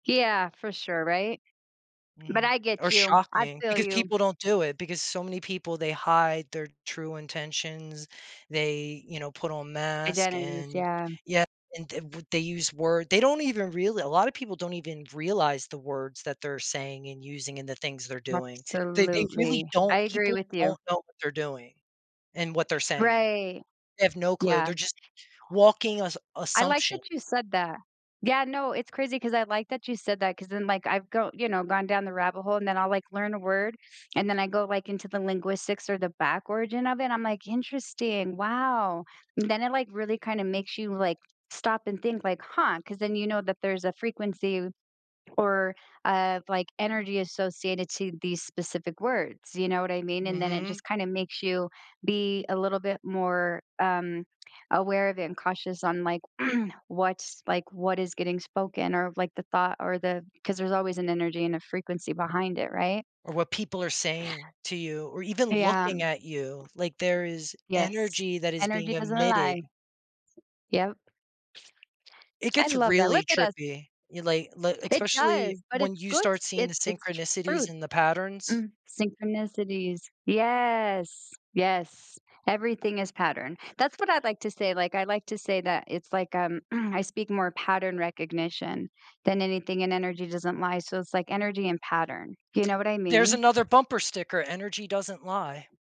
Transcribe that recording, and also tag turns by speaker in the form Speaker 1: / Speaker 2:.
Speaker 1: Yeah, for sure, right? But
Speaker 2: Mhm.
Speaker 1: I
Speaker 2: Or
Speaker 1: get you, I
Speaker 2: shocking
Speaker 1: feel
Speaker 2: because
Speaker 1: you.
Speaker 2: people don't do it because so many people, they hide their true intentions. They, you know, put on mask
Speaker 1: Identities,
Speaker 2: and
Speaker 1: yeah.
Speaker 2: yeah. And the w they use word they don't even really a lot of people don't even realize the words that they're saying and using and the things they're doing. They they really
Speaker 1: Absolutely.
Speaker 2: don't
Speaker 1: I agree
Speaker 2: people
Speaker 1: with you.
Speaker 2: don't know what they're doing and what they're saying.
Speaker 1: Right.
Speaker 2: They have no clue,
Speaker 1: Yeah.
Speaker 2: they're just walking assu
Speaker 1: I like
Speaker 2: assumption.
Speaker 1: that you said that. Yeah. No. It's crazy 'cause I like that you said that 'cause then, like, I've go you know, gone down the rabbit hole, and then I'll, like, learn a word. And then I go, like, into the linguistics or the back origin of it, I'm like, "Interesting, wow!" And then it, like, really kinda makes you, like, stop and think, like, "Huh," 'cause then you know that there's a frequency or, uh, like, energy associated to these specific words, you know what I mean? And then it
Speaker 2: Mhm.
Speaker 1: just kinda makes you be a little bit more, um, aware of it and cautious on, like, what's like, what is getting spoken or, like, the thought or the 'cause there's always an energy and a frequency behind it, right?
Speaker 2: Or what people are saying to you or even
Speaker 1: Yeah.
Speaker 2: looking at you, like, there is
Speaker 1: Yes.
Speaker 2: energy that is being
Speaker 1: Energy doesn't
Speaker 2: emitted.
Speaker 1: lie. Yep.
Speaker 2: It
Speaker 1: I
Speaker 2: gets
Speaker 1: love that.
Speaker 2: really
Speaker 1: Look at us.
Speaker 2: trippy. You like li
Speaker 1: It
Speaker 2: especially
Speaker 1: does, but
Speaker 2: when
Speaker 1: it's
Speaker 2: you
Speaker 1: good s
Speaker 2: start seeing the
Speaker 1: it's it's truth.
Speaker 2: synchronicities and the patterns.
Speaker 1: Mm, synchronicities. Yes. Yes. Everything is pattern. That's what I'd like to say. Like, I'd like to say that it's like, um, I speak more pattern recognition than anything and energy doesn't lie. So it's like energy and pattern. You know what I
Speaker 2: There's
Speaker 1: mean?
Speaker 2: another bumper sticker. Energy doesn't lie.